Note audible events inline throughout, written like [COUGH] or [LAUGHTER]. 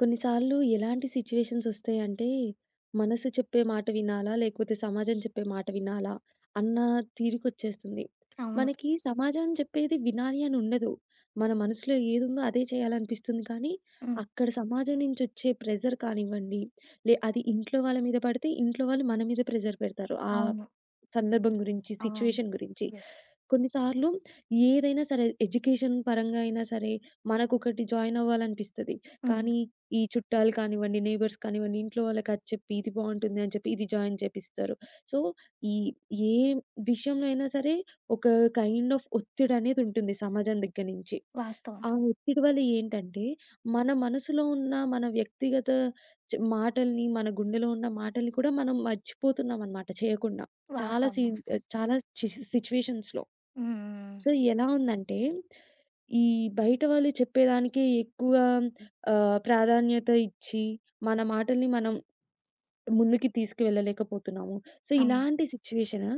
కొన్నిసార్లు ఎలాంటి సిట్యుయేషన్స్ వస్తాయింటే మనసు చెప్పే మాట‌ వినాలా? లేకపోతే సమాజం చెప్పే మాట‌ వినాలా? అన్న తీరుకొచ్చేస్తుంది. అవును. మనకి సమాజం చెప్పేది వినాలి అని ఉండదు. మన మనసులో ఏదుందో అదే చేయాలనిపిస్తుంది. కానీ హ్మ్. అక్కడ సమాజం నుంచి వచ్చే ప్రెషర్ కానివ్వండి. లే అది ఇంట్లో వాళ్ళ మీద పడితే ఇంట్లో వాళ్ళు మన మీద ప్రెషర్ పెడతారు. ఆహ్, అవును. సందర్భం గురించి, అవును. సిట్యుయేషన్ గురించి. యెస్. కొన్నిసార్లు ఏదైనా సరే ఎడ్యుకేషన్ పరంగైనా సరే మనకొకటి జాయినవ్వాలనిపిస్తది. హ్మ్. కానీ ఈ చుట్టాలు కానివ్వండి నైబర్స్ కానివ్వండి ఇంట్లో వాళ్ళకి అది చెప్పి ఇది బావుంటుంది అని చెప్పి ఇది జాయిన్ చేయిపిస్తారు. సో, ఈ ఏం విషయంలో అయినా సరే ఒక కైండ్ ఆఫ్ ఒత్తిడనేది ఉంటుంది సమాజం దగ్గర నుంచి. వాస్తవం. ఆ ఒత్తిడి వల్ల ఏంటంటే, మన మనసులో ఉన్న, మన వ్యక్తిగత చ్ మాటల్ని, మన గుండెలో ఉన్న మాటల్ని కూడా మనం మర్చిపోతున్నామనమాట చేయకుండా. చాలా వాస్తవం సీన్ వాస్తవం. చాలా చ్ సిట్యుయేషన్స్‌లో. హ్మ్. హ్మ్. సో, ఎలా‌ ఉందంటే, ఈ బయట వాళ్ళు చెప్పేదానికే ఎక్కువ ఆహ్, ప్రాధాన్యత ఇచ్చి, మన మాటల్ని మనం ముందుకి తీసుకువెళ్ళలేకపోతున్నాము. సో, అవును. ఇలాంటి సిట్యుయేషన్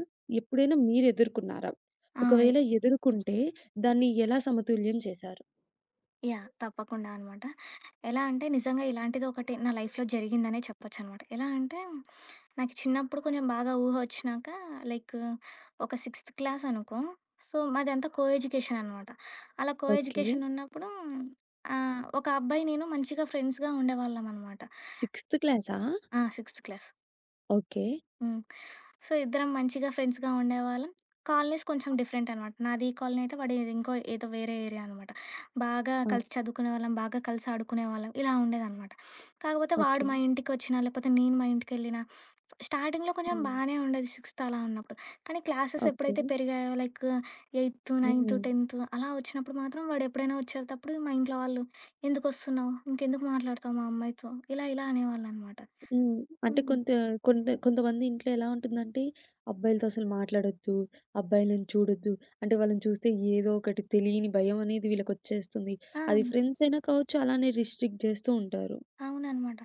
ఎప్పుడైనా మీరు ఎదుర్కొన్నారా? ఆ! య్ ఒకవేళ ఎదుర్కుంటే దాన్ని ఎలా సమతుల్యం చేశారు? యాహ్! తప్పకుండా అనమాట. ఎలా అంటే నిజంగా ఇలాంటిదొకటి నా లైఫ్‌లో జరిగిందనే చెప్పొచ్చనమాట. ఎలా అంటే నాకు చిన్నప్పుడు కొంచెం బాగా ఊహ ఒచ్చినాక, లైక్ ఒక సిక్స్త్ క్లాస్ అనుకో. సో మాదంతా కో ఎడ్యుకేషన్ అనమాట. అలా కో ఎడ్యు ఓకే. కేషన్ ఉన్నప్పుడు ఆహ్, ఒక అబ్బాయి నేను మంచిగా ఫ్రెండ్స్‌గా ఉండేవాళ్ళమనమాట. సిక్స్త్ క్లాసా? ఆ! Sixth class. ఓకే. హ్మ్. సో ఇద్దరం మంచిగా ఫ్రెండ్స్‌గా ఉండేవాళ్ళం. కాలనీస్ కొంచెం డిఫరెంట్ అనమాట. నాది ఈ కాలనీ అయితే వాడి ఇంకో ఏదో వేరే ఏరియా అనమాట. బాగా ఆ! కలిసి చదువుకునేవాళ్ళం. బాగా కలిసి ఆడుకునేవాళ్ళం ఇలా ఉండేదనమాట. కాకపోతే వాడు ఓకే. మా ఇంటికొచ్చినా లేపోతే నేను మా ఇంటికెళ్ళినా, స్టార్టింగ్‌లో కొంచెం హ్మ్. బానే ఉండేది సిక్స్త్ అలా ఉన్నప్పుడు. కానీ, క్లాసెస్ ఎప్పుడైతే ఓకే. పెరిగాయో, లైక్ ఎయితు, నైన్తు, హ్మ్. టెన్తు అలా ఒచ్చినప్పుడు మాత్రం వాడెప్పుడైనా ఒచ్చేటప్పుడు మా ఇంట్లో వాళ్ళు "ఎందుకొస్తున్నావు? ఇంకెందుకు మాట్లాడతావు మా అమ్మాయితో? ఇలా ఇలా అనేవాళ్ళు" అనమాట. హ్మ్. అంటే హ్మ్. కొంత కొంత కొంతమంది ఇంట్లో ఎలా ఉంటుందంటే, అబ్బాయిలతో అసలు మాట్లాడొద్దు. అబ్బాయిలను చూడొద్దు. అంటే వాళ్ళని చూస్తే ఏదో ఒకటి తెలియని భయమనేది వీళ్ళకొచ్చేస్తుంది. అది ఆ! ఫ్రెండ్స్ అయినా కావచ్చు, అలానే రిస్ట్రిక్ట్ చేస్తూ ఉంటారు. అవుననమాట.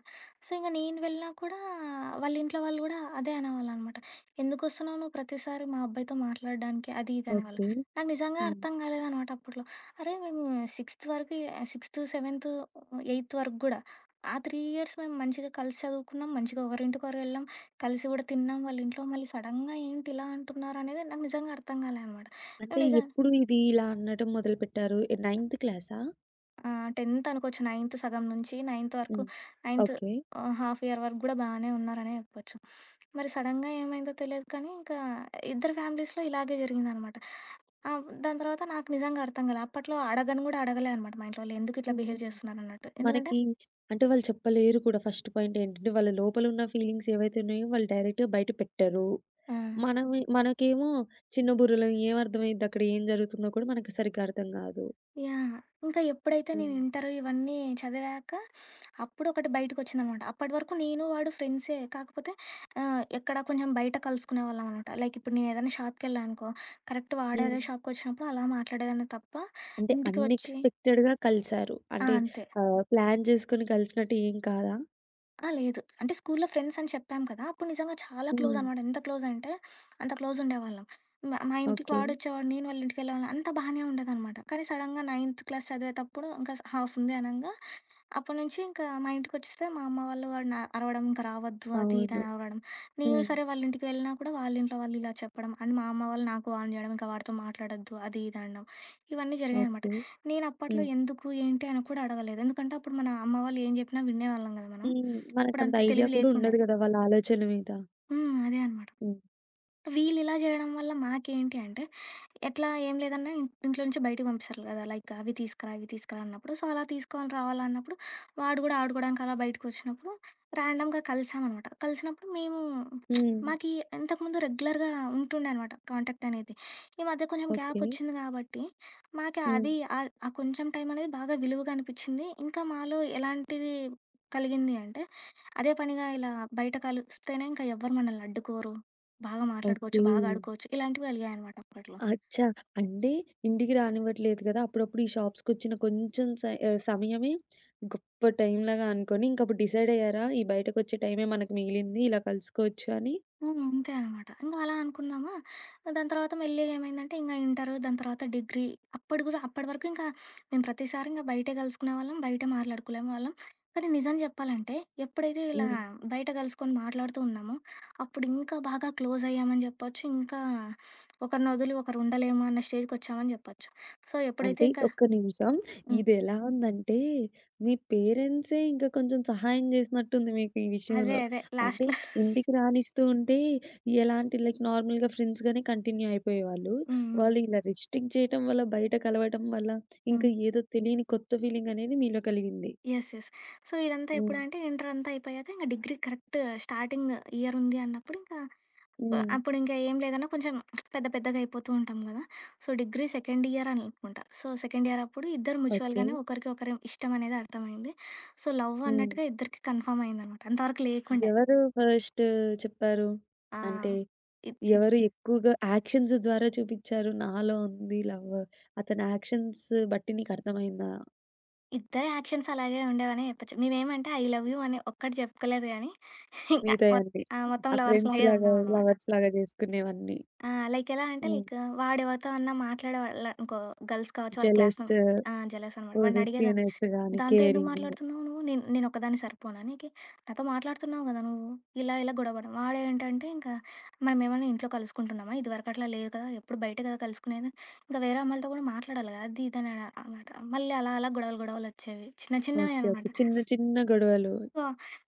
సో ఇంగా నేను వెళ్ళినా కూడా వాళ్ళ ఇంట్లో వాళ్ళు గూడా అదే అనేవాళ్ళనమాట. "ఎందుకొస్తున్నావు నువ్వు? ప్రతిసారి మా అబ్బాయితో మాట్లాడడానికి? అది ఇది అనేవాళ్ళు." ఓకే. నాకు నిజంగా హ్మ్. అర్థం కాలేదనమాట అప్పట్లో. అరే మేము సిక్స్త్ వరకి ఆహ్, సిక్స్త్, సెవెన్త్, ఏయిత్ వరకు గూడా ఆ 3 ఇయర్స్ మేము మంచిగా కలిసి చదువుకున్నాం. మంచిగా ఒకరింటికొకరం ఎళ్ళాం, కలిసి కూడా తిన్నాం. వాళ్ళ ఇంట్లో మళ్ళీ సడెన్‌గా ఏంటి ఇలా అంటున్నారనేది నాకు నిజంగా అర్థం కాలే అనమాట. అంటే నువ్వు నిజ ఎప్పుడు ఇది ఇలా అనడం మొదలుపెట్టారు? నైన్త్ క్లాసా? ఆ! 10థ్ అనుకోవచ్చు. నైన్త్ సగం నుంచి నైన్త్ వరకు హ్మ్. Ninth okay. ఆహ్, హాఫ్ ఇయర్ వరకు గూడా బానే ఉన్నారనే అనుకోవచ్చు. [SNIFFS] మరి సడెన్‌గా ఏమైందో తెలీదు కానీ ఇంకా ఇద్దరి ఫ్యామిలీస్‌లో ఇలాగే జరిగిందనమాట. ఆ! వ్ దాని తర్వాత నాకు నిజంగా అర్థం కాలేదు. అప్పట్లో అడగను గూడా అడగలే అనమాట. మా ఇంట్లో వాళ్లు ఎందుకు ఇట్లా బిహేవ్ హ్మ్. చేస్తున్నారన్నట్టు. ఎందుకంటే మనకి అంటే వాళ్ళు చెప్పలేరు కూడా ఫస్ట్ పాయింట్ ఏంటంటే, వాళ్ళ లోపల ఉన్న ఫీలింగ్స్ ఏవైతే ఉన్నాయో వాళ్ళు డైరెక్ట్‌గా బయట పెట్టరు. ఆ! మనము మనకేమో చిన్న బుర్రలం ఏం అర్థమైయిద్దక్కడ ఏం జరుగుతుందో కూడా మనకి సరిగ్గా అర్థం కాదు. యాహ్! ఇంక ఎప్పుడైతే నేను హ్మ్. ఇంటరు ఇవన్నీ చదివాక, [SNIFFS] అప్పుడొకటి బయటికొచ్చిందనమాట. అప్పటి వరకు నేను వాడు ఫ్రెండ్సే. కాకపోతే ఆహ్, ఎక్కడ కొంచెం బయట కలుసుకునేవాళ్ళం అనమాట. లైక్ ఇప్పుడు నేను ఏదైనా షాపుకెళ్ళా అనుకో కరెక్ట్ వాడు అదే హ్మ్. షాపుకొచ్చినప్పుడు అలా మాట్లాడేదాన్ని తప్ప అంటే ఇంటికి వచ్చి అన్‌ఎక్స్‌పెక్టెడ్‌గా కలిసారు. ఆ! అంటే అంతే. ఆహ్, ప్లాన్ చేసుకొని కలిసినట్టు ఏం కాదా? ఆ! లేదు. అంటే స్కూల్లో ఫ్రెండ్స్ అని చెప్పాం కదా! అప్పుడు నిజంగా చాలా హ్మ్. క్లోజనమాట. ఎంత క్లోజంటే, [SNIFFS] అంత క్లోజుండేవాళ్ళం. మా మా ఇంటికి ఓకే. వాడొచ్చేవాడు. నేను వాళ్ళింటికి వెళ్ళేవాళ్ళం అంతా బానే ఉండేదనమాట. కానీ సడెన్‌‌గా నైన్త్ క్లాస్ చదివేతప్పుడు, ఇంకా స్ హాఫ్ ఉంది అనంగా. అప్పటి నుంచి ఇంకా మా ఇంటికొచ్చేస్తే మా అమ్మ వాళ్ళు వాడిని అరవడం ఇంక రావద్దు. అది అవును. ఇదని అరవడం. నేను హ్మ్. సరే వాళ్ళింటికి వెళ్ళినా కూడా వాళ్ళింట్లో వాళ్ళు ఇలా చెప్పడం. అండ్ మా అమ్మ వాళ్ళు నాకు వార్న్ జేయడం ఇంక వాడితో మాట్లాడొద్దు. అది ఇదని అనడం. ఇవన్నీ జరిగాయనమాట. ఓకే. నేనప్పట్లో హ్మ్. ఎందుకు ఏంటి అని కూడా అడగలేదు. ఎందుకంటే, అప్పుడు మన అమ్మ వాళ్ళు ఏం చెప్పినా వినేవాళ్ళం కదా మనం. హ్మ్. [SNIFFS] మనకంత అప్పుడంత ఐడియా తెలివి కూడా లేకుండే. ఉండదు కదా! వాళ్ళా ఆలోచన మీద. హ్మ్. అదే అనమాట. హ్మ్. వీళ్ళిలా జేయడం వల్ల మాకేంటి అంటే, ఎట్లా ఏం లేదన్న ఇన్ ఇంట్లో నుంచి బయటకి పంపిస్తారు కదా! లైక్ అవి తీసుకురా ఇవి తీస్కరా అన్నప్పుడు. సో, అలా తీసుకోని రావాలి అన్నప్పుడు వాడు కూడా ఆడుకోవడానికి అలా బయటికొచ్చినప్పుడు ర్యాండమ్‌గా కలిసామనమాట. కలిసినప్పుడు మేము, [SMACKS LIPS] హ్మ్. మాకీ ఇంతకుముందు రెగ్యులర్‌గా ఉంటుండే అనమాట కాంటాక్ట్ అనేది. ఈ మధ్య కొంచెం ఓకే. గ్యాపొచ్చింది గాబట్టి, మాక అది హ్మ్. ఆద్ ఆ కొంచెం టైమనేది బాగా విలువగా అనిపిచ్చింది. ఇంకా మాలో ఎలాంటిది కలిగింది అంటే, అదే పనిగా ఇలా బయట కలిస్తేనే ఇంక ఎవ్వరు మమ్మల్ని అడ్డుకోరు. బాగా మాట్లాడుకోవచ్చు. ఓకే. బాగా ఆడుకోవచ్చు. ఇలాంటివి వెలిగాయనమాట అప్పట్లో. అచ్చా! అంటే ఇంటికి రానివ్వట్లేదు కదా! అప్పుడప్పుడు ఈ షాప్సుకొచ్చిన కొంచెం స ఆ సమయమే, గొప్ప టైంలాగా అనుకొని ఇంకప్పుడు డిసైడ్ అయ్యారా? ఈ బయటకొచ్చే టైమే మనకు మిగిలింది. ఇలా కలుసుకోవచ్చు అని. హ్మ్. అంతే అనమాట. ఇంక అలా అనుకున్నామా. దాని తర్వాత మెళ్ళిగ ఏమైందంటే, ఇంగ ఇంటరు దాని తర్వాత డిగ్రీ అప్పడు కూడా అప్పటి వరకు ఇంకా [SNIFFS] మేము ప్రతిసారి ఇంక బయటే గలుసుకునేవాళ్ళం. బయటే మాట్లాడుకులేమ వాళ్ళం. కానీ నిజం చెప్పాలంటే, ఎప్పుడైతే ఇలా హ్మ్. బయట కలుసుకొని మాట్లాడుతూ ఉన్నామో, అప్పుడు ఇంకా బాగా క్లోజ్ అయ్యామని చెప్పొచ్చు, [SNIFFS] ఇంకా ఒకరిని ఒదులి ఒకరు ఉండలేము అన్న స్టేజ్‌కొచ్చామని చెప్పొచ్చు. సో, ఎప్పుడైతే అంటే ఇంకా ఒక్క నిమిషం, హ్మ్. ఇదెలా ఉందంటే మీ పేరెంట్సే ఇంకా కొంచెం సహాయం చేసినట్టుంది మీకు ఈ అదే. విషయంలో. అదే. అంటే లాస్ట్‌లో [CHUCKLES] ఇంటికి రానిస్తుంటే ఎలాంటి లైక్ నార్మల్‌గా ఫ్రెండ్స్‌గానే కంటిన్యూ అయిపోయేవాళ్ళు. హ్మ్. వాళ్ళు హ్మ్. ఇలా రిస్ట్రిక్ చేయటం వల్ల బయట కలవటం వల్ల హ్మ్. ఇంకా ఏదో తెలియని కొత్త ఫీలింగనేది మీలో కలిగింది. యెస్. యెస్. సో, ఇదంతా హ్మ్. ఎప్పుడంటే, ఇంటరంతా అయిపోయాక ఇంక డిగ్రీ కరెక్ట్ స్టార్టింగ్ ఇయరుంది అన్నప్పుడు ఇంకా ఆహ్, హ్మ్. అప్పుడు ఇంకా ఏం లేదన్నా కొంచెం [SMACKS LIPS] పెద్ద పెద్దగాయిపోతుంటాం కదా! సో, డిగ్రీ సెకండ్ ఇయర్ అని అనుకుంట. సో, సెకండ్ ఇయర్ అప్పుడు ఇద్దరు ఓకే. మ్యూచువల్‌గానే ఒకరికి ఒకరి ఇష్టం అనేది అర్థమైంది. సో, లవ్ హ్మ్. అన్నట్టుగా ఇద్దరికి కన్‌ఫర్మ్ అయిందనమాట. అంతవరకు లేకుండే. ఎవరు ఫస్ట్ చెప్పారు? ఆ! అంటే, ఇద్ ఎవరు ఎక్కువగా యాక్షన్స్ ద్వారా చూపిచ్చారు? నాలో ఉంది లవ్ అతని యాక్షన్స్ బట్టి నీకర్థమైందా? ఇద్ద యాక్షన్స్ అలాగే ఉండేవనే చెప్పొచ్చు. మేమేమంటే ఐ లవ్ యు అని ఒక్కటి జెప్పుకోలేదు గానీ, [CHUCKLES] ఇంకా మీదే మొత్ అండి. ఆ! మొత్తం ఆ లవర్స్‌లాగే ఫ్రెండ్స్‌లాగా, ఉన్నామనమాట. లవర్స్‌లాగో జేసుకునేవన్నీ. ఆ! లైక్ ఎలా అంటే హ్మ్. లైక్ వాాడెవరితో అన్నా మాట్లాడేవాళ్ళంకో గర్ల్స్ కావచ్చు వాళ్ళ క్లాస్‌లో జలసు. ఆ! జలస్ అనమాట. వాడిని పోదు అడిగేదాన్ని. సీనర్స్ గాని దాంతో ఎందుకు కేరింగూ. మాట్లాడుతున్నావు నువ్వు? నిన్ నేనోక్కదాన్ని సరిపోనా నీకీ? నాతో మాట్లాడుతున్నావు గదా! నువ్వు ఇలా ఇలా గొడవపడం వాడేంటంటే ఇంకా మనమేమన్నా ఇంట్లో కలుసుకుంటున్నామా? ఇదివరకట్లా లేదు కదా! ఎప్పుడు బయటే కదా! కలుసుకునేది. ఇంక వేరే అమ్మయిలతో కూడా మాట్లాడాలి గదా! అదిద అన అనమాట. మళ్ళీ అలా అలా గొడవలు, గొడవలు ఒచ్చేవి. చిన్న ఓకే. ఓకే. చిన్నవేనమాట. చిన్న చిన్న గొడవలు. సో,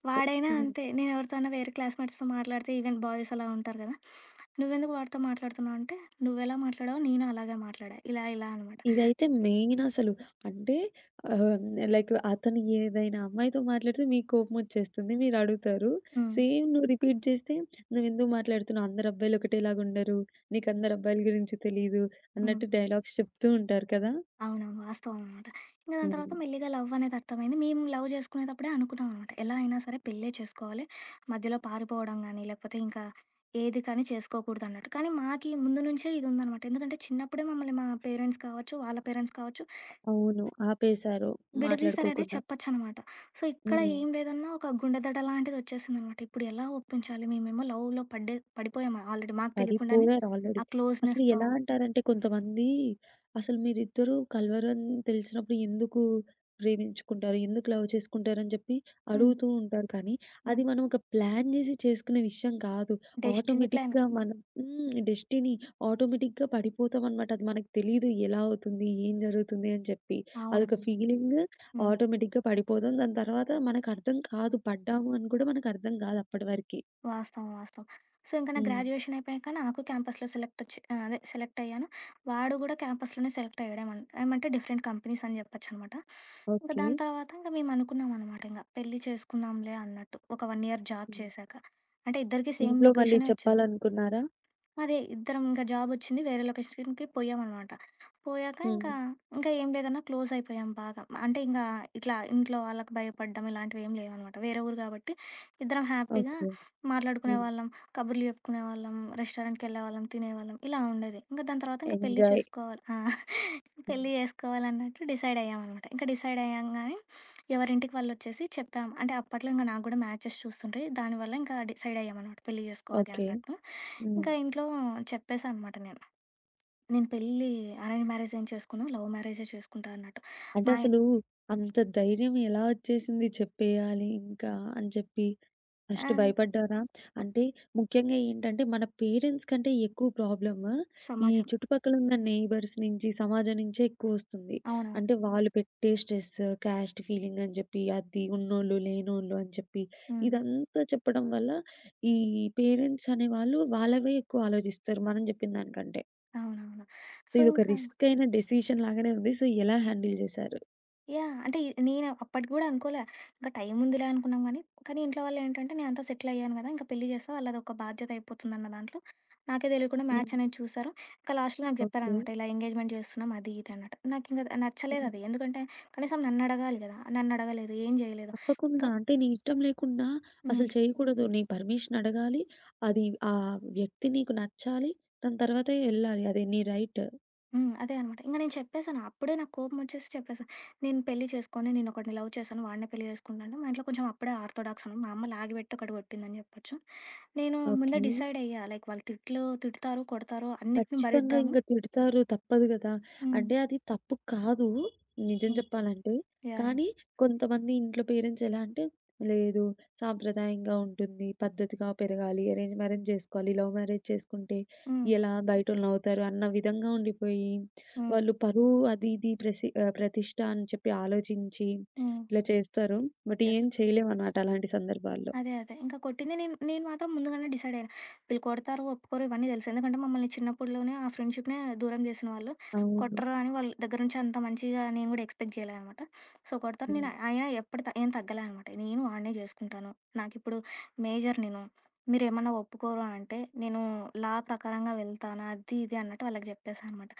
వాడైనా హ్మ్. అంతే నేను ఎవరితో అన్న వేరే క్లాస్‌మేట్స్‌తో మాట్లాడితే, ఈవెన్ బాయ్స్ అలా ఉంటారు గదా! నువ్వెందుకు వాడితో మాట్లాడుతున్నావు అంటే. నువ్వెలా మాట్లాడావో నేను అలాగే మాట్లాడా. ఇలా ఇలా అనమాట. ఇదయితే మెయిన్ అసలు. అంటే ఆహ్, నే లైక్ అతను ఏదైనా అమ్మాయితో మాట్లాడితే మీకు కోపమోచ్చేస్తుంది. మీరు అడుగుతరు. హ్మ్. సేమ్ నువ్వు రిపీట్ చేస్తే నువ్వేందుకు మాట్లాడుతున్నావు? అందరబ్బాయిలు ఒకటేలాగా ఉండరు. నీకందరబ్బాయిల గురించి తెలీదు హ్మ్. అన్నట్టు డైలాగ్స్ చెప్తూ ఉంటారు కదా! అవునవును. వాస్తవం అనమాట. ఇంగ దాని తర్వాత హ్మ్. మెళ్లిగా లవ్ అనేది అర్థమైంది. మేము లవ్ చజేసుకునేటప్పుడే అనుకున్నామనమాట. ఎలా అయినా సరే పెళ్ళే చేసుకోవాలి మధ్యలో పారిపోవడం గాని లేకపోతే ఇంకా, ఏది కానీ చేసుకోకూడదన్నట్టు. కానీ మాకి ముందు నుంచే ఇది ఉందనమాట. ఎందుకంటే చిన్నప్పుడే మమ్మల్ని మా పేరెంట్స్ కావచ్చు, వాళ్ళ పేరెంట్స్ కావచ్చు అవును. ఆపేశారు. బిడదీసరనే మాట్లాడుకోకుండా. చెప్పొచ్చనమాట. సో, ఇక్కడ హ్మ్. ఏం లేదన్నా ఒక గుండెదడ‌లాంటిది ఒచ్చేసిందనమాట. ఇప్పుడేలా ఒప్పించాలి? మేమేమో లవ్‌లో పడ్డే పడిపోయామ ఆల్రెడీ. మాకు తెలియకుండానే. పడిపోయారు ఆల్రెడీ. ఆ అసలు క్లోజ్‌నెస్‌తో ఎలా అలా. అంటారంటే కొంతమంది అసలు మీరుద్దరూ కల్వరని తెలిసినప్పుడు. ఎందుకు ప్రేమించుకుంటారు? ఎందుకు లవ్ చేసుకుంటారు? అని జెప్పి హ్మ్. అడుగుతూ ఉంటారు. కానీ హ్మ్. అది మనం ఒక ప్లాన్ జేసి చేసుకునే విషయం కాదు. Destiny plan. ఆటోమేటిక్‌గా మనం హ్మ్. డెస్టిని ఆటోమేటిక్‌గా పడిపోతాం అనమాట. అది మనకు తెలీదు. ఎలా అవుతుంది? ఏం జరుగుతుంది? అని చెప్పి. అవునా? అదొక ఫీలింగ్ హ్మ్. ఆటోమేటిక్‌గా పడిపోతాం. దాని తర్వాత మనకు అర్థం కాదు పడ్డాము అని గూడా మనకు అర్థం గాదు అప్పటి వరకి. వాస్తవం. వాస్తవం. సో, ఇంక నా హ్మ్. గ్రాడ్యుయేషన్ అయిపోయాక నాకు క్యాంపస్‌లో సెలెక్ట్ వచ్చి ఆహ్, అదే సెలెక్ట్ అయ్యాను. వాడు గుడా క్యాంపస్‌లోనే సెలెక్ట్ అయ్యాడమన్ ఏమంటే డిఫరెంట్ కంపెనీస్ అని చెప్పొచ్చనమాట. ఇంక దాని ఓకే. తర్వాత ఇంక మేము అనుకున్నాంనమాట ఇంగా పెళ్లి చేసుకుందాంలే అన్నట్టు ఒక 1 ఇయర్ జాబ్ హ్మ్. చేశాక. అంటే ఇద్దరికి సేమ్ ఇంట్లో మళ్ళీ లొకేషనే ఒచ్చింది. చెప్పాలనుకున్నారా? అదే ఇద్దరం ఇంక జాబ్ ఒచ్చింది వేరే లొకేషన్‌కి పోయ్యామనమాట. పోయాక హ్మ్. ఇంకా, ఇంకా ఏం లేదన్నా క్లోజ్ అయిపోయాం బాగా. అంటే ఇంగా ఇట్లా ఇంట్లో వాళ్ళకి భయపడ్డం ఇలాంటివేం లేవనమాట. వేరే ఊరు గాబట్టి ఇద్దరం హ్యాపీగా ఓకే. హ్మ్. మాట్లాడుకునేవాళ్ళం, కబుర్లు చెప్పుకునేవాళ్ళం. రెస్టారెంట్‌కి ఎళ్ళేవాళ్ళం, తినేవాళ్ళం ఇలా ఉండేది. ఇంగ దాని తర్వాత ఇంక పెళ్లి ఎంజాయ్. చేసుకోవాలి. [CHUCKLES] ఆ! హ్మ్. పెళ్లి చేసుకోవాలన్నట్లు డిసైడ్ అయ్యామనమాట. ఇంక డిసైడ్ అయ్యాంగాని ఎవరి ఇంటికి వాళ్ళొచ్చేసి చెప్తాం. అంటే అప్పట్లో ఇంగ నాకు గూడ మ్యాచెస్ చూస్తుంటే. దానివల్ల ఇంక డిసైడ్ అయ్యామనమాట. పెళ్లి చేసుకోవాలి ఓకే. అన్నట్టు. ఇంక హ్మ్. ఇంట్లో చెప్పేసా అనమాట నేను. నేను పెళ్ళి అరేంజ్ మ్యారేజ్ ఏం చేసుకొను. లవ్ మ్యారేజే చేసుకుంటా అన్నట్టు. అంటే మాయి అసలూ, అంత ధైర్యం ఎలా ఒచ్చేసింది చెప్పేయాలి ఇంకా అని చెప్పి. ఆ! ఫస్ట్ భయపడ్డారా? అంటే ముఖ్యంగా ఏంటంటే మన పేరెంట్స్ కంటే ఎక్కువ ప్రాబ్లము ఈ సమాజం. చుట్టుపక్కల ఉన్న నెయిబర్స్ నుంచి, సమాజం నించే ఎక్కువ ఒస్తుంది. అవునవును. అంటే వాళ్ళు పెట్టే స్ట్రెస్, కాస్ట్ ఫీలింగ్ అని జెప్పి అది ఉన్నోళ్ళు, లేనోళ్ళు అని చెప్పి. హ్మ్. ఇదంతా చెప్పడం వల్ల ఈ పేరెంట్స్ అనే వాళ్ళు వాళ్ళవే ఎక్కువ ఆలోచిస్తారు. మనం చెప్పిన దానికంటే. అవునవును. సో ఇంకా ఇదొకరిస్కయిన డెసిషన్ లాగానే ఉంది. సో, ఎలా హ్యాండిల్ జేశారు? యాహ్! అంటే, ఇ నేన అప్పటికి గూడా అనుకోలా. ఇంక టైం ఉందిలే అనుకున్నాం గానీ, కానీ ఇంట్లో వాళ్ళేంటంటే నేనంతా సెటిలయ్యాను కదా! ఇంక పెళ్లి చేస్తా వాళ్ళధొక బాధ్యత అయిపోతుందన్న దాంట్లో. నాకే తెలియకుండా మ్యాచ్ హ్మ్. అనేది చూసారు. ఇంక లాస్ట్‌లో నాకు ఓకే. చెప్పారనమాట. ఇలా ఎంగేజ్‌మెంట్ చేస్తున్నాం అది ఇది అన్నటు. నాకింక హ్మ్. నచ్చలేదది. ఎందుకంటే, కనీసం నన్నడగాలి కదా! నన్నడగలేదు. ఏం జేయలేదు. ఇంకా తప్పకుండా. అంటే నీ ఇష్టం లేకుండా అసలు హ్మ్. చేయకూడదు. నీ పర్మిషన్ అడగాలి. అది ఆహ్, వ్యక్తి నీకు నచ్చాలి. దాని తర్వాతే ఎళ్ళాలి. అది నీ రైట్. హ్మ్. అదే అనమాట. ఇంగ నేను చెప్పేసాను. అప్పుడే నాకు కోపం ఒచ్చేసి చెప్పేసా. నేను పెళ్లి చేస్కోను. నేనొకడిని లవ్ చేశాను. వాడినే పెళ్లి చేసుకుంటా అంటే మా ఇంట్లో కొంచెం అప్పుడే ఆర్తోడాక్స్‌ను. మా అమ్మ లాగి పెట్టి ఒకటి కొట్టిందని జెప్పొచ్చు. నేను ముందే ఓకే. డిసైడ్ అయ్యా లైక్ వాళ్ళు తిట్లు తిటుతారు, కొడతారు, అన్నిటిని ఖచ్చితంగా భరిద్దాము ఇంగ తిడతారు తప్పదు గదా! హ్మ్. అంటే, అది తప్పు కాదు నిజం హ్మ్. జెప్పాలంటే. యాహ్! కానీ కొంతమంది ఇంట్లో పేరెంట్స్ ఎలా అంటే లేదు సాంప్రదాయంగా ఉంటుంది, పద్ధతిగా పెరగాలి, అరేంజ్ మ్యారేజ్ చేస్కోవాలి. లవ్ మ్యారేజ్ చేస్కుంటే హ్మ్. ఎలా? బయటోళ్ళునవ్వుతారు. అన్న విధంగా ఉండిపోయి, [SMACKS LIPS] హ్మ్. వాళ్ళు పరువు అది ఇది ప్రసి ఆహ్, ప్రతిష్ట అని చెప్పి ఆలోచించి హ్మ్. ఇలా చేస్తారు. But yes. ఏం చేయలేమనమాట అలాంటి సందర్భాల్లో. అదే అదే. ఇంక కొట్టింది. నేను నేను మాత్రం ముందుగానే డిసైడయ్యా. వీళ్ళు కొడతారు, ఒప్పుకోరు ఇవన్నీ తెలుసు. ఎందుకంటే మమ్మల్ని చిన్నప్పడులోనే ఆ ఫ్రెండ్షిప్‌నే దూరం జేసిన వాళ్ళు. అవును. కొట్టరు అని వాళ్ళ దగ్గర నుంచి అంత మంచిగా నేను గూడా ఎక్స్‌పెక్ట్ జేయలే అనమాట. సో కొడతారు, హ్మ్. నేను ఆయిన ఎప్పటి త ఏం తగ్గలే అనమాట. నేను వాడ్నే చేస్కుంటాను. నాకిప్పుడు మేజర్ నేను. మీరేమన్నా ఒప్పుకోరు అంటే నేను లా ప్రకారంగా వెళ్తాను అది ఇది అన్నట్టు వాళ్ళకి జెప్పేసానమాట.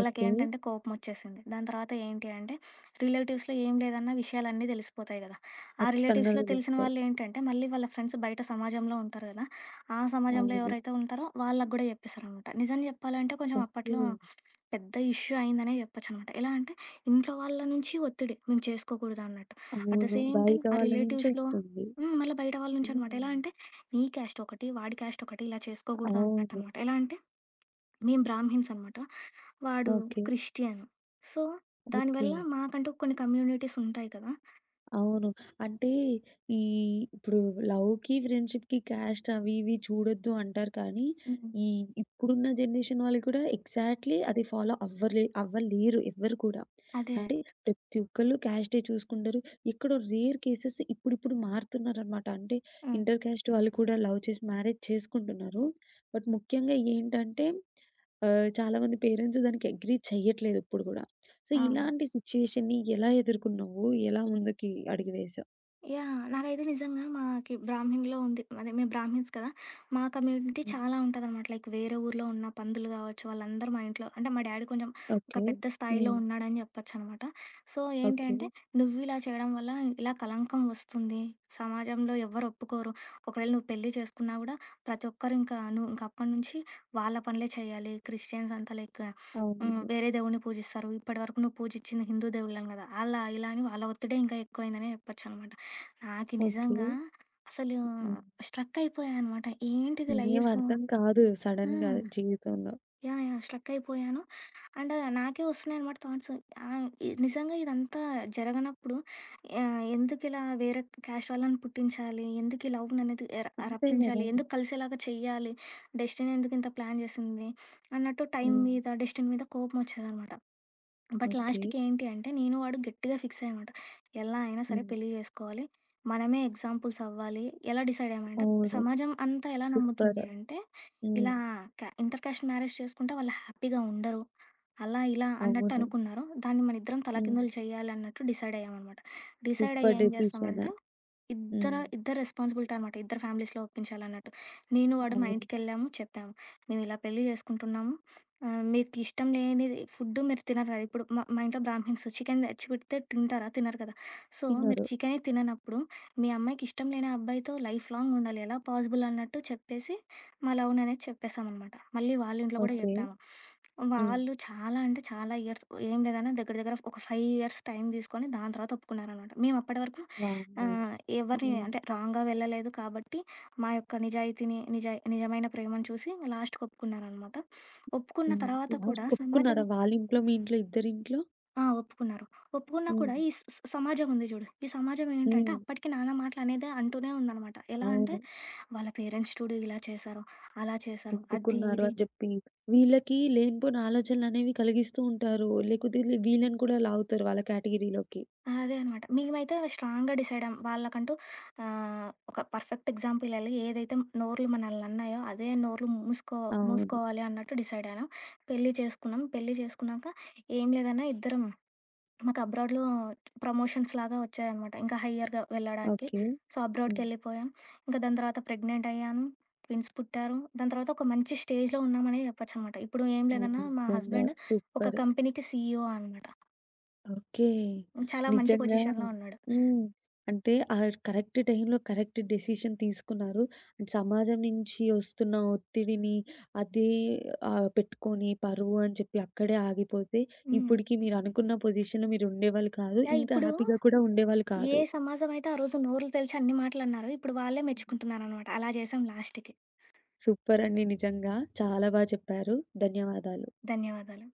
ఓకే. కోపమొచ్చేసింది. దాని తర్వాత ఏంటి అంటే రిలేటివ్స్‌లో ఏం లేదన్న విషయాలన్నీ ధెలిసిపోతాయి కదా! ఆ ఖచ్చితంగా రిలేటివ్స్‌లో తెలిసిన దెలుస్తాయి. వాళ్ళు ఏంటంటే మళ్ళీ వాళ్ళ ఫ్రెండ్స్ బయట సమాజంలో ఉంటారు గదా! ఆ సమాజంలో అవును. ఎవరైతే ఉంటారో వాళ్ళగూడా జెప్పేసారనమాట. నిజం చెప్పాలంటే కొంచెం ఓకే. అప్పట్లో పెద్ద ఇష్యూ అయిందనే జెప్పొచ్చనమాట. ఎలా అంటే ఇంట్లో వాళ్ళ నుంచి ఒత్తిడి మేము చేసుకోకూడదన్నట్టు. అట్ ద అవును. సేమ్ టైం బయట ఆ రిలేటివ్స్‌లో వాళ్ళ‌నుంచొస్తుంది. హ్మ్. మళ్ళా బయట వాళ్ళ నుంచి అనమాట. ఎలా హ్మ్. అంటే "నీ క్యాస్ట్ ఒకటి, వాడి క్యాస్ట్ ఒకటి ఇలా చేసుకోకూడదు." అవును. అన్నట్టనమాట. ఎలా అంటే? మేమ బ్రాహ్మిణ్స్ అనమాట. వాడు ఓకే. క్రిస్టియన్. సో, దానివల్ల ఓకే. మాకంటూ కొన్ని కమ్యూనిటీస్ ఉంటాయి కదా! అవును. అంటే ఈ ఇప్పుడు లవ్‌కి ఫ్రెండ్‌షిప్‌‌కి క్యాస్ట్ అవి ఇవి చూడొద్దు అంటారు కానీ, హ్మ్. ఈ ఇప్పుడున్న జనరేషన్ వాళ్ళు కూడా ఎక్జాక్ట్‌లీ అది ఫాలో అవ్వరే అవ్వలేరు ఎవ్వరు కూడా. అదే. అంటే ప్రతి ఒక్కళ్ళు, క్యాస్డే చూసుకుంటరు, ఎక్కడో రేర్ కేసెస్ ఇప్పుడిప్పుడు మారుతున్నారనమాట. అంటే హ్మ్. ఇంటర్‌‌క్యాస్ట్ వాళ్ళు కూడా లవ్ చేసి మ్యారేజ్ చేసుకుంటున్నారు. బట్ ముఖ్యంగా ఏంటంటే, ఆహ్, చాలామంది పేరెంట్స్ దానికి అగ్రీ చెయ్యట్లేదు ఇప్పుడు గూడా. సో, అవును. ఇలాంటి సిట్యుయేషన్‌ని ఎలా ఎదుర్కొన్నావు? ఎలా ముందుకి అడుగువేసావు? యాహ్! నాకైతే నిజంగా మాకి బ్రాహ్మిణ్లో ఉంది. అదే మేం బ్రాహ్మిణ్స్ కదా! మా కమ్యూనిటీ హ్మ్. చాలా ఉంటాదనమాట. లైక్ వేరే ఊర్లో ఉన్న పంతులు గావచ్చు, వాళ్ళందరూ మా ఇంట్లో అంటే మా డ్యాడీ కొంచెం ఒక ఓకె. పెద్ద స్థాయిలో హ్మ్. ఉన్నాడని జెప్పొచ్చనమాట. So, okay. ఏంటంటే "నువ్విలా చేయడం వల్ల ఇలా కలంకం వస్తుంది. సమాజంలో ఎవ్వరు ఒప్పుకోరు. ఒకవేళ నువ్వు పెళ్లి చేసుకున్నా గూడా, ప్రతి ఒక్కరు ఇంక నువ్వు ఇంకప్పటి నుంచి వాళ్ళ పనులే చేయాలి. క్రిస్టియన్స్ అంతా లైక్ హ్మ్. అవునండి. వేరే దేవుడిని పూజిస్తారు. ఇప్పటి వరకు నువ్వు పూజిచ్చింది హిందూ దేవుళ్ళని గదా!" అలా ఇలా అని వాళ్ళ ఒత్తిడే ఇంకా ఎక్కువైందనే చెప్పొచ్చనమాట. నాకి ఓకె. నిజంగా అసలు హ్మ్. స్ట్రక్ అయిపోయానమాట. ఏంటిది లైఫు? ఏమర్థం కాదు. సడెన్‌గా హ్మ్. జీవితంలో. యాహ్! యాహ్! స్ట్రక్ అయిపోయాను. అండ్ నాకే వస్తున్నాయనమాట థాట్స్. ఆహ్, ఇ నిజంగా ఇదంతా జరగనప్పుడు యాహ్! ఎందుకిలా, వేరే క్యాస్ట్ వాళ్ళని పుట్టించాలి? ఎందుకు ఈ లవ్‌ని అనేది ఎర అంతే గదా! రప్పించాలి. ఎందుకు కలిసేలాగా చెయ్యాలి, డెస్టిని ఎందుకింత ప్లాన్ జేసింది? అన్నట్టు టైం హ్మ్. మీద, డెస్టిని మీద కోపమోచ్చేదనమాట. But okay. లాస్ట్‌కి ఏంటి అంటే, నేను, వాడు గట్టిగా ఫిక్సయ్యామట. ఎలా అయినా సరే, హ్మ్. పెళ్లి జేసుకోవాలి. మనమే ఎగ్జాంపుల్స్ అవ్వాలి. ఎలా డిసైడయ్యామంటే అవును. సమాజం అంతా ఎలా నమ్ముతుంది సూపరు. అనంటే హ్మ్. ఇలా క ఇంటర్‌క్యాస్ట్ మ్యారేజ్ చేసుకుంటే, వాళ్ళు హ్యాపీగా ఉండరు. అలా ఇలా అన్నట్టు అవును. అనుకున్నారు. దాన్ని మనిద్దరం హ్మ్. తలకిందులు చేయాలన్నట్టు డిసైడయ్యామనమాట. డిసైడయ్యి సూపర్ ఏం డెసిషన్. జేస్తామంటే హ్మ్. ఇద్దరు, ఇద్దరు రెస్పాన్సిబిలిటీ అనమాట. ఇద్దరు ఫ్యామిలీస్‌లో ఒప్పించాలన్నట్టు. నేను వాడు మా అవును. ఇంటికెళ్ళాము చెప్పాము. "మేమిలా పెళ్లి జేసుకుంటున్నాము. ఆహ్, మీకిష్టం లేనిది ఫుడ్డు మీరు తినరు కదా!" ఇప్పుడు మా మా ఇంట్లో బ్రాహ్మిణ్స్ చికెను తెచ్చిపెడితే తింటారా? తినరు కదా! "సో మీరు తినరు. చికెనే తిననప్పుడు, మీ అమ్మాయికి ఇష్టం లేని అబ్బాయితో లైఫ్ లాంగుండాలి. ఎలా పాజిబుల్" అన్నట్టు చెప్పేసి, మా లవ్‌ని అనేది చెప్పేసామనమాట. మళ్ళీ వాళ్ళ ఇంట్లో గూడా ఓకె. చెప్పాము. హ్మ్. వాళ్ళు చాలా అంటే చాలా ఇయర్స్ ఓ ఏం లేదన్నా దగ్గర దగ్గర ఒక 5 ఇయర్స్ టైం దీసుకొని దాని తర్వాత ఒప్పుకున్నారనమాట. మేమప్పటి వరకు వామ్మో! ఆహ్, ఎవరిని హ్మ్. అంటే రాంగ్‌గా వెళ్ళలేదు కాబట్టి, మా యొక్క నిజాయితీని నిజాయ నిజమైన ప్రేమను చూసి, ఇంగ లాస్ట్‌కి ఒప్పుకున్నారనమాట. ఒప్పుకున్న హ్మ్. తర్వాత కూడా సమాజం లాస్ట్‌కొ‌ప్పుకున్నారా? వాళ్ళింట్లో, మీ‌ఇంట్లో, ఇద్దరింట్లో? ఆ! ఒప్పుకున్నారు. ఒప్పుకున్నా హ్మ్. కూడా ఈ స్ స్ సమాజం ఉంది జూడు. ఈ సమాజం ఏంటంటే హ్మ్. అప్పటికి నానా మాటలు అనేదే అంటూనే ఉందనమాట. ఎలా అంటే అవును. వాళ్ళ పేరెంట్స్ చూడు ఇలా చేసారు, అలా చేసారు. అద్దీ, ఒప్పుకున్నారు ఇది. అని జెప్పి, వీళ్ళకి లేనిపోని ఆలోచనలనేవి కలిగిస్తూ ఉంటారు. లేకోతే వీళ్ళని కూడా లాగుతారు వాళ్ళ కేటగిరీలోకి. ఆ! అదే అనమాట. మేమైతే స్ట్రాంగ్‌గా డిసైడయ్యాం. వాళ్ళకంటూ ఆహ్, ఒక పర్‌ఫెక్ట్ ఎగ్జాంపుల్ ఇయ్యాలి. ఏదైతే నోర్లు మనలిని అన్నాయో అదే నోర్లు మూసుకో అవును. మూసుకోవాలి అన్నట్టు డిసైడయ్యాను. పెళ్లి చేసుకున్నాం. పెళ్లి జేసుకున్నాక, ఏం లేదన్నా ఇద్దరం మాకబ్రాడ్‌లో ప్రమోషన్స్‌లాగా ఒచ్చాయనమాట. ఇంకా హయ్యర్‌గా వెళ్ళడానికి. ఓకే. సో, హ్మ్. అబ్రాడ్‌కెళ్లిపోయాం. ఇంక దాని తర్వాత ప్రెగ్నెంటయ్యాను. ట్విన్స్ పుట్టారు. దాని తర్వాత ఒక మంచి స్టేజ్‌లో ఉన్నామనే జెప్పొచ్చనమాట. ఇప్పుడు ఏం అవును. లేదన్నా మా నిజంగా! హస్బెండ్ ఒక సూపర్. కంపెనీకి సీఈఓ అనమాట. ఓకే. చాలా మంచి నిజంగా. పొజిషన్‌లో ఉన్నాడు. హ్మ్. అంటే ఆ కరెక్ట్ టైమ్‌లో కరెక్ట్ డెసిషన్ తీసుకున్నారు. అండ్ సమాజం నుంచి ఒస్తున్న ఒత్తిడిని అదే ఆహ్, పెట్టుకొని పరువు అని చెప్పి అక్కడే ఆగిపోతే హ్మ్. ఇప్పుడికి మీరు అనుకున్న పొజిషన్‌లో మీరుండేవాళ్ళు కాదు. యాహ్! ఇంత ఇప్పుడు హ్యాపీగా కూడా ఉండేవాళ్ళు ఏ కాదు. సమాజమైతే ఆ రోజు నోరులు తెలిచి అన్ని మాటలన్నారో ఇప్పుడు వాళ్ళే మెచ్చుకుంటున్నారనమాట. అలా చేశాం లాస్ట్‌కి. సూపరండి నిజంగా. చాలా బా చెప్పారు. ధన్యవాదాలు. ధన్యవాదాలు.